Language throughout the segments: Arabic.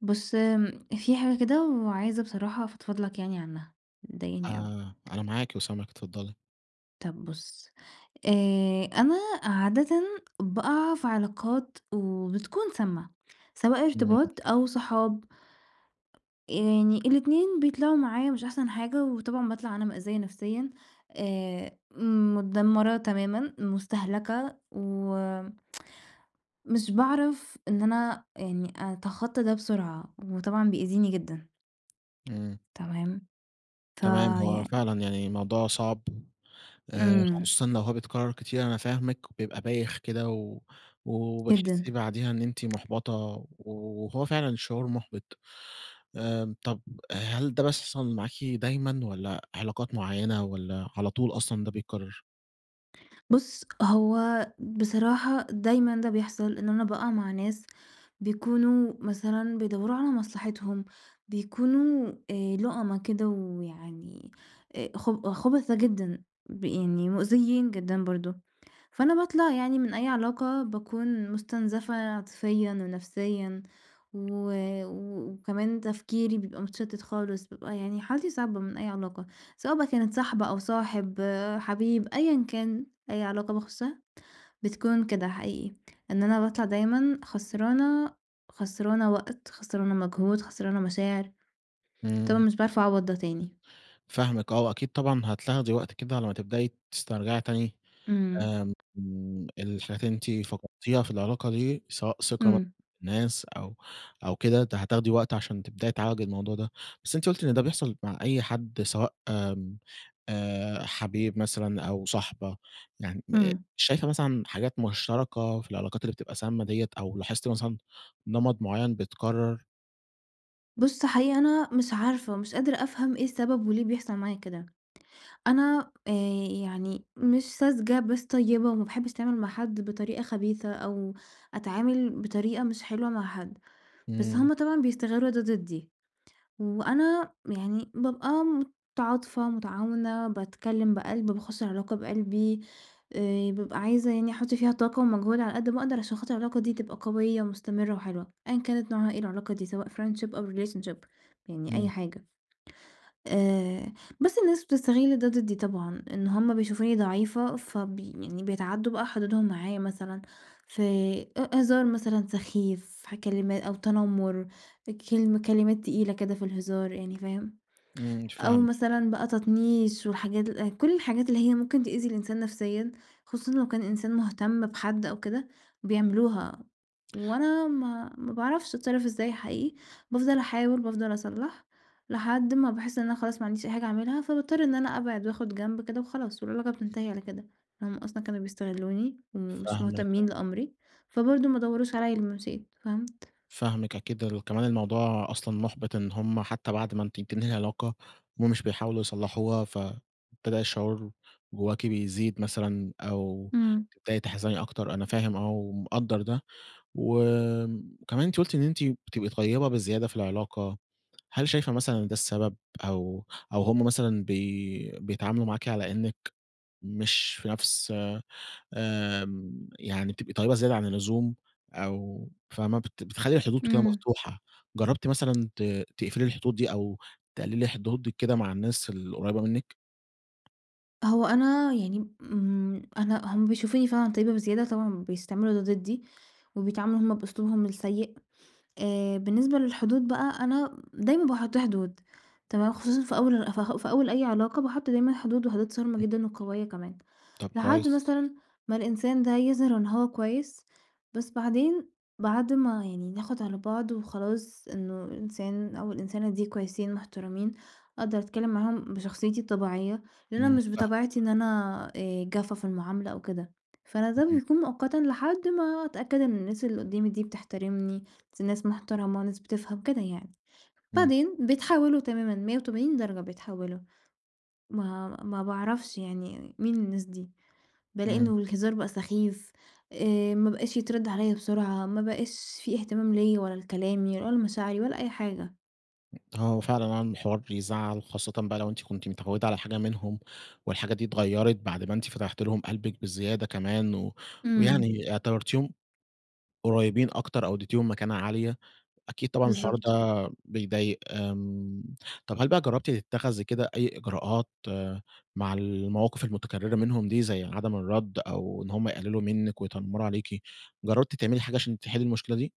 بُص، آمم، في حاجة كده وعايزة بصراحة أفضفض لك يعني عنها، مضايقاني أوي. آآ أنا معاكِ وسامعِك، اتفضلي. طب بُص، آآ، أنا عادةً بأقع في علاقات وبتكون سامة سواء ارتباط [unintelligible] أو صحاب. آآ يعني الاتنين بيطلعوا معايا مش أحسن حاجة، وطبعًا باطلع أنا مأذية نفسيًا آآ، متدمرة تمامًا، مُستَهلكَة و مش باعرف إن أنا يعني أتخطى ده بسرعة، وطبعًا بيأذيني جدًا. إمم. تمام؟ تمام، هو فيعني فعلًا يعني موضوع صعب آآ إمم. خصوصًا لو هو بيتكرر كتير، أنا فاهمِك، بيبقى بايخ كده و جدًا. وبتحسي بعديها إن أنتِ مُحبَطة و وهو فعلًا شعور مُحبِط. آآ طب هل ده بيحصل معاكِ دايمًا، والّا علاقات معينة والّا على طول أصلًا ده بيتكرر؟ بُص هو بصراحة دايمًا ده بيحصل إن أنا بأقع مع ناس بيكونوا مثلًا بيدوّروا على مصلحتهم، بيكونوا آآ لُؤمَا كده ويعني خب خبَثا جدًا، يعني مؤذيين جدًا برضه، فأنا باطلع يعني من أي علاقة باكون مُستنزفَة عاطفيًا ونفسيًا، و و وكمان تفكيري بيبقى متشتت خالص، بيبقى يعني حالتي صعبة من أي علاقة، سواء بقى كانت صاحبة أو صاحب، حبيب، أيًا كان، أي علاقة باخشها بتكون كده حقيقي، إن أنا باطلع دايمًا خسرانة، خسرانة وقت، خسرانة مجهود، خسرانة مشاعر، طبعًا إمم. مش باعرف أعوّض ده تاني. فاهمِك آه وأكيد طبعًا هتاخدي وقت كده على ما تبدئي تسترجعي تاني إمم. آآ آمم الحاجات اللي أنتِ فقدتيها في العلاقة دي، سواء ثقة مثلًا إمم. في الناس أو أو كده ت هتاخدي وقت عشان تبدئي تعالجي الموضوع ده، بس أنتِ قُلتِ إن ده بيحصل مع أي حد سواء آمم آآ، حبيب مثلًا أو صاحبة، يعني آآ إمم. شايفة مثلًا حاجات مشتركة في العلاقات اللي بتبقى سامة ديّة، أو لاحظتِ مثلًا نمط معيّن بيتكرر؟ بُصّ حقيقي أنا مش عارفة ومش قادرة أفهم إيه السبب وليه بيحصل معايا كده، أنا آآ، يعني مش ساذجة بس طيبة وما باحبش أتعامل مع حد بطريقة خبيثة، أو أتعامل بطريقة مش حلوة مع حد، بس امم. هم طبعًا بيستغلوا ده ضدي، وأنا يعني بابقى متعاطفة متعاونة باتكلم بقلب، باخُشّ العلاقة بقلبي، آآ، بابقى عايزة يعني أحُطّ فيها طاقة ومجهود على قد ما أقدر عشان خاطر العلاقة دي تبقى قوية ومستمرة وحلوة، أيًا كانت نوعها ايه العلاقة دي سواء friendship أو relationship يعني أي امم. حاجة، آآ، بس الناس بتستغل ده ضدي طبعًا، إن هم بيشوفوني ضعيفة فب يعني بيتعدّوا بقى حدودهم معايا، مثلًا في أ هزار مثلًا سخيف، في ح كلما أو تنمُّر، كلمة كلمات تقيلة كده في الهزار يعني فاهم، امم، أو فاهمِك. مثلًا بقى تطنيش والحاجات كُلّ الحاجات اللي هي ممكن تؤذي الإنسان نفسيًا، خصوصًا لو كان إنسان مهتم بحد أو كده بيعملوها وأنا ما ما باعرفش أتصرّف إزاي حقيقي، بافضل أحاول بافضل أصلّح لحد ما باحس إن أنا خلاص ما عنديش أي حاجة أعملها، فباضطّر إن أنا أبعد وآخد جنب كده وخلاص، والعلاقة بتنتهي على كده، هم أصلًا كانوا بيستغلوني ومش فاهمِك، آه. مهتمين لأمري، فبرضه ما دوّروش عليَّ لمّا مشيت فهمت؟ فاهمِك أكيد، ال كمان الموضوع أصلًا مُحبِط إن هم حتى بعد ما أنتِ بتنهي العلاقة، هم مش بيحاولوا يصلّحوها فابتدى الشعور جواكِ بيزيد مثلًا، أو امم. تبدئي تحزني أكتر، أنا فاهم آه، ومقدّر ده، وكمان أنتِ قلتِ إن أنتِ بتبقي طيبة بزيادة في العلاقة، هل شايفة مثلًا إن ده السبب؟ أو أو هم مثلًا بي بيتعاملوا معاكِ على إنِّك مش في نَفْس آمم يعني بتبقي طيبة زيادة عن اللزوم أو فاهمة بت بتخلّي الحدود كده امم. مفتوحة، جربتِ مثلًا ت تقفلي الحدود دي؟ أو تقلِّلي حدودِك كده مع الناس القريّبة منِك؟ هو أنا يعني، إمم، أنا هُم بيشوفوني فعلًا طيبة بزيادة، طبعًا بيستعملوا ده ضِدِّي، وبيتعاملوا هُم بأسلوبهم السَّيِّء، آآ، بالنسبة للحدود بقى، أنا دايمًا باحُطّ حدود تمام، خصوصًا في أوّل في أوّل أي علاقة، باحُطّ دايمًا حدود وحدود صارمة امم. جدًا وقويّة كمان، طب لحد كويس. مثلًا ما الإنسان ده يظهِر إن هو كويّس، بس بعدين بعد ما يعني ناخُد على بعض، وخلاص إنّه الإنسان أو الإنسانة دي كويسين مُحترمين، أقدر أتكلّم معاهم بشخصيتي الطبيعيّة، لإن أنا إمم، مش فاهمِك. بطبيعتي إن أنا آآ جافّة في المُعاملة أو كده، فأنا ده اهم. بيكون مؤقتًا لحد ما أتأكد إن الناس اللي قُدّامي دي بتحترمني، دي ناس مُحترمة، ناس بتفهم كده يعني، إمم. بعدين بيتحولوا تمامًا 180 درجة بيتحوّلوا، ما ما باعرفش يعني مين الناس دي؟ بالاقي إمم. إنّه الهزار بقى سخيف، آآ، ما بقاش يتردّ عليّا بسُرعة، ما بقاش في اهتمام ليّا ولا لكلامي، ولا لمشاعري، ولا أي حاجة. آه، هو فعلًا عمل حوار بيزعّل، خاصّةً بقى لو أنتِ كُنتِ متعوِّدة على حاجة منهم، والحاجة دي اتغيّرت بعد ما أنتِ فتحتِ لهم قلبكِ بزيادة كمان، و إمم. ويعني اعتبرتيهم قُريبين أكتر أو أدّيتيهم مكانة عالية، أكيد طبعًا الحوار بالضبط. ده بيضايق آمم، طب هل بقى جرّبتِ تتخذي كده أي إجراءات آآ مع المواقف المُتكرِّرة منهم دي، زي عدم الرَّدّ، أو إن هُم يقلّلوا منِك، ويتنمّروا عليكِ؟ جَرّبتِ تعملي حاجة عشان تحِلِّي المُشكلة دي؟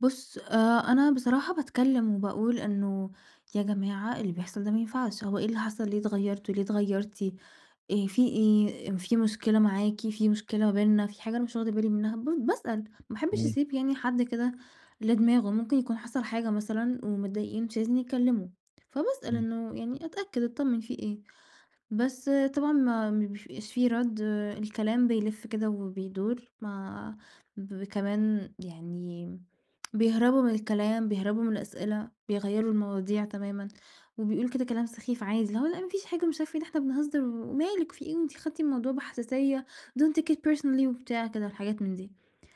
بُصّ، أ أنا بصراحة باتكلم وباقول إنه يا جماعة اللي بيحصَل ده ما ينفعش، هو إيه اللي حصَل ليه اتغيرتوا، ليه اتغيرتِ، إيه في إيه؟ في مشكلة معاكِ؟ في مشكلة ما بيننا؟ في حاجة أنا مش واخدة بالي منها؟ ب باسأل، ما أحبش إمم. أسيب يعني حد كده لدماغُه، ممكن يكون حصَل حاجة مثلًا ومضايقين مش عايزين يتكلموا، فباسأل إمم. إنه يعني أتأكد أطمن في إيه، بس طبعًا ما ما بيبقاش في رد الكلام بيلِّف كده وبيدُور، ما ب كمان يعني بيهرَبوا من الكلام، بيهرَبوا من الأسئلة، بيغيَّروا المواضيع تمامًا، وبيقولوا كده كلام سخيف عادي، اللي هو لأ ما فيش حاجة مش عارفة إيه، ده إحنا بنهزّر و مالِك في إيه وأنتِ خدتِ الموضوع بحساسية don't take it personally وبتاع كده الحاجات من دي،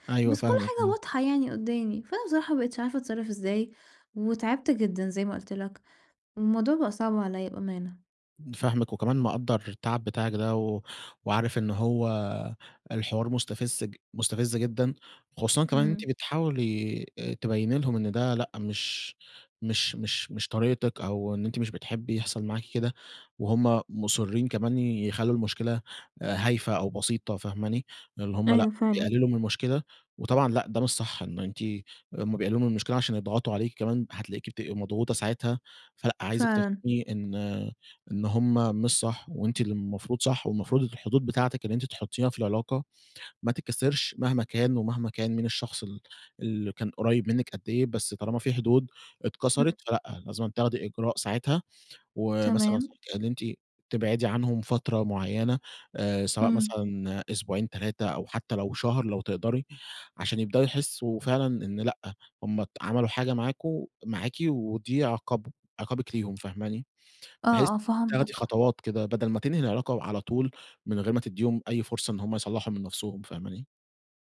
أيوه بس كُلّ فاهمِك، حاجة امم. واضحة يعني قُدّامي، فأنا بصراحة ما بقِتش عارفة أتصرّف إزاي، وتعِبت جدًا زي ما قُلت لك، والموضوع بقى صعب عليَّ بأمانة. فاهمِك، وكمان مقدّر التعب بتاعِك ده، و وعارف إن هو الحوار مستفز- مستفز جدًا، خصوصًا كمان إن أنتِ إمم. بتحاولي تبيّني لهم إن ده لأ مش مش مش مش طريقتِك أو إن أنتِ مش بتحبي يحصل معاكِ كده، وهم مُصِرين كمان يخلّوا المشكلة هايفة أو بسيطة، فاهماني، اللي هم أيوه، لأ فعلًا. بيقلِّلوا من المشكلة، وطبعًا لأ ده مش صح إنه أنتِ هُم بيقلِّلوا من المشكلة عشان يضغطوا عليكِ كمان، هتلاقيكي بتبقي مضغوطة ساعتها، فلأ، عايزِك فعلًا. تفهمي إن إن هم مش صح وأنتِ اللي المفروض صح، والمفروض الحدود بتاعتِك اللي أنتِ تحُطّيها في العلاقة ما تتكسِرش مهما كان، ومهما كان مين الشخص اللي اللي كان قُريّب منِّك قد إيه، بس طالما في حدود إمم. اتكسرت فلأ، لازم تاخدي إجراء ساعتها، ومثلًا تمام. [unintelligible] اللي أنتِ تبعدي عنهم فترة معيّنة، آآ، سواء إمم. مثلًا أسبوعين 3 أو حتى لو شهر لو تقدَري، عشان يبدأوا يحسوا فعلًا إن لأ، هم ت عَمَلوا حاجة معاكم معاكِ ودي عقابهم عقابِك ليهم فاهماني، بحيث آه، آه، تاخدي فهمتك. خطوات كده بدَل ما تنهي العلاقة على طُول من غير ما تدّيهم أي فرصة إن هُم يصلّحوا من نفسُهم، فاهماني؟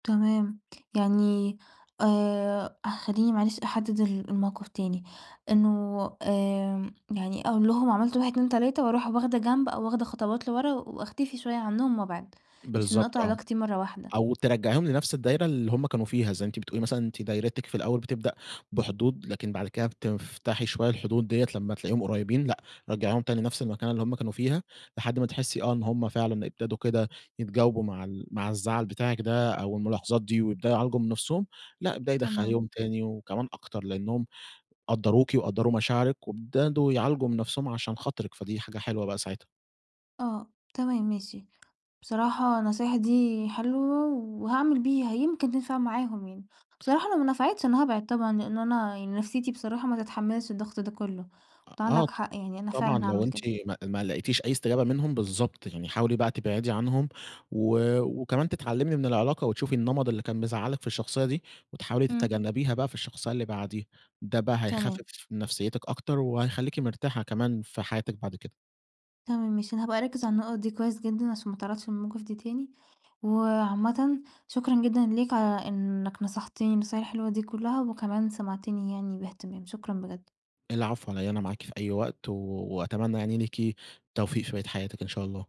تمام، يعني آآ، خلّيني معلش أحدّد ال الموقف تاني، إنُّه آآ، يعني أقول لهُم عملتوا 1 2 3 وأروح واخدة جنب، أو واخدة خطوات لِورا، وأختفي شويّة عنهم وأبعِد، مش إنّي بِالضبط أقطع آه، علاقتي مرّة واحدة. أو تِرجَّعِيهم لنفس الدايرة اللي هُم كانوا فيها، زَيّ أنتِ بتقولي مثلًا أنتِ دايرتِك في الأول بتبدأ بحدود، لكن بعد كده بتفتحي شوية الحدود دِيَّة لما تلاقيهم قُريِّبين، لأ رَجَّعيهم تاني نفس المكانة اللّي هُم كانوا فيها، لحد ما تحِسّي آه إن هُم فعلًا ابتدوا كده يتجاوبوا مَع ال مَع الزعل بتاعِك ده، أو المُلاحَظات دي، ويبدأوا يعالجوا من نفسهم. لأ، ابدئي تمام. دَخَّليهم تاني وكمان أكتر، لأنهم قدَّروكِ وقدَّروا مشاعرِك، وابتدوا يعالجوا من نفسهم عشان خاطرِك، فدي حاجة حلوة بقى ساعتها. آه، تمام ماشي. بصراحة النصايح دي حلوة وهاعمل بيها يمكن تِنفَع معاهم يعني. بصراحة لو ما نفعتش أنا هابعد طبعًا، لأنّ أنا يعني نفسيتي بصراحة ما تتحمّلش الضَّغط ده كُلّه، آه آه فعندَك ط حَقّ يَعني أنا طبعًا فِعلًا لو هاعمل أنتِ كده. ما ما لقيتيش أي استجابة منهم، بِالضبط يعني حاولي بقى تبعدِي عنهم، و وكمان تتعلّمِي من العِلاقة، وتشوفِي النمط اللي كان مزعَّلِك في الشخصية دي، وتحاولي امم. تتجنّبيها بقى في الشخصية اللي بعديه، ده بقى تمام. هيخفِّف من نفسيتِك أكتر، وهخليكِ مرتاحة كمان في حياتِك بعد كده. تمام ماشي، أنا هابقى أركّز على النُقَط دي كويس جِدًّا، عشان ما اتعرَّضش للمواقِف دي تاني. وعامَّةً شكرًا جِدًا ليك على إنِّك نصحتنِي النصايح الحِلوة دي كُلّها، وكَمان سمعتنِي يَعني باهتِمام، شكرًا بجد. العفو علي إيه، أنا معاكِ في أي وقت، و وأتمنى يعني لِيكِ التوفيق في بَقية حياتِك إن شاء الله.